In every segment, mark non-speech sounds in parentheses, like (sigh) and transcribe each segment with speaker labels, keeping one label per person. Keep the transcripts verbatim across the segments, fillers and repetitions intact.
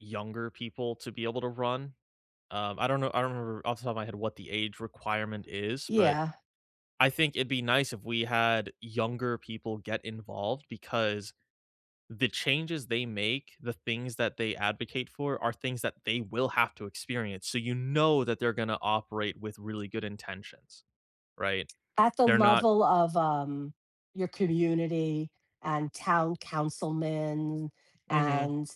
Speaker 1: Younger people to be able to run, um, I don't know, I don't remember off the top of my head what the age requirement is, but
Speaker 2: Yeah.
Speaker 1: I think it'd be nice if we had younger people get involved because the changes they make, the things that they advocate for are things that they will have to experience, so you know that they're gonna operate with really good intentions, right?
Speaker 2: At the
Speaker 1: They're not
Speaker 2: level of, um, your community and town councilmen,
Speaker 1: Mhm.
Speaker 2: and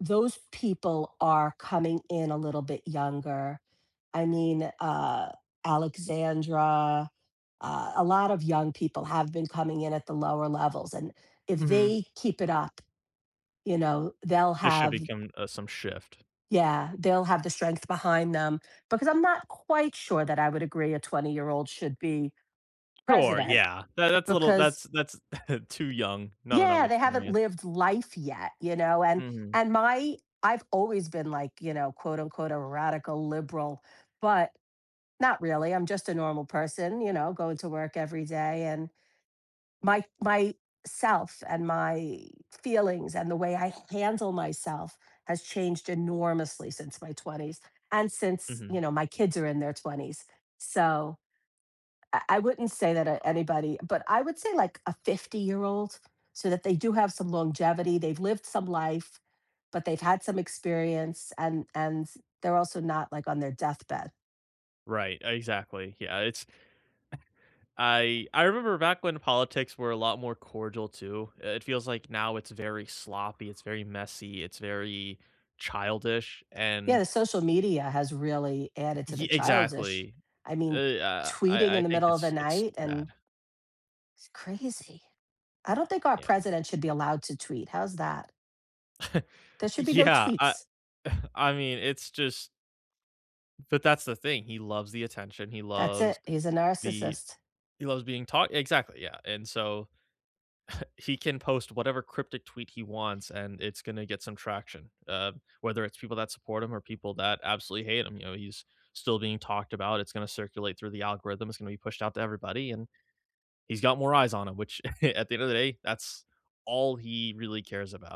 Speaker 2: those people are coming in a little bit younger, I mean, uh, Alexandra, uh, a lot of young people have been coming in at the lower levels, and if
Speaker 1: Mhm.
Speaker 2: they keep it up, you know, they'll
Speaker 1: This should
Speaker 2: have
Speaker 1: become, uh, some shift.
Speaker 2: yeah, they'll have the strength behind them because I'm not quite sure that I would agree a twenty-year-old should be
Speaker 1: Or
Speaker 2: president
Speaker 1: yeah, that that's a little that's
Speaker 2: because
Speaker 1: that's (chuckles) too young, not enough
Speaker 2: Yeah, they haven't
Speaker 1: experience.
Speaker 2: lived life yet, you know, and
Speaker 1: Mhm.
Speaker 2: and my I've always been, like, you know, quote, unquote a "radical liberal," but not really, I'm just a normal person, you know, going to work every day, and my my myself and my feelings, and the way I handle myself has changed enormously since my twenties, and since you
Speaker 1: Mhm.
Speaker 2: know, my kids are in their twenties, so I I wouldn't say that to anybody, but I would say, like, a fifty-year-old, so that they do have some longevity, they've lived some life, but they've had some experience, and and they're also not, like, on their deathbed.
Speaker 1: Right, exactly. Yeah, it's (chuckles) I I remember back when politics were a lot more cordial too, it feels, like, now it's very sloppy, it's very messy, it's very childish,
Speaker 2: Yeah, the
Speaker 1: and
Speaker 2: social media has really added to the
Speaker 1: ye
Speaker 2: childish,
Speaker 1: exactly.
Speaker 2: I mean,
Speaker 1: Eh, uh,
Speaker 2: tweeting
Speaker 1: I
Speaker 2: in
Speaker 1: I
Speaker 2: the
Speaker 1: think
Speaker 2: middle of the
Speaker 1: it's it's
Speaker 2: night
Speaker 1: bad.
Speaker 2: and it's crazy. I don't think our
Speaker 1: Yeah.
Speaker 2: president should be allowed to tweet. How's that?
Speaker 1: (chuckles)
Speaker 2: There should be no
Speaker 1: Yeah, I
Speaker 2: tweets.
Speaker 1: (chuckles) I mean, it's just but that's the thing, he loves the attention, he
Speaker 2: That's it,
Speaker 1: loves
Speaker 2: he's a
Speaker 1: the
Speaker 2: narcissist.
Speaker 1: he loves being talk exactly, yeah, and so (chuckles) he can post whatever cryptic tweet he wants and it's gonna get some traction, uh, whether it's people that support him or people that absolutely hate him, you know, he's still being talked about, it's gonna circulate through the algorithm, it's gonna be pushed out to everybody, and he's got more eyes on him, which (chuckles) at the end of the day that's all he really cares about.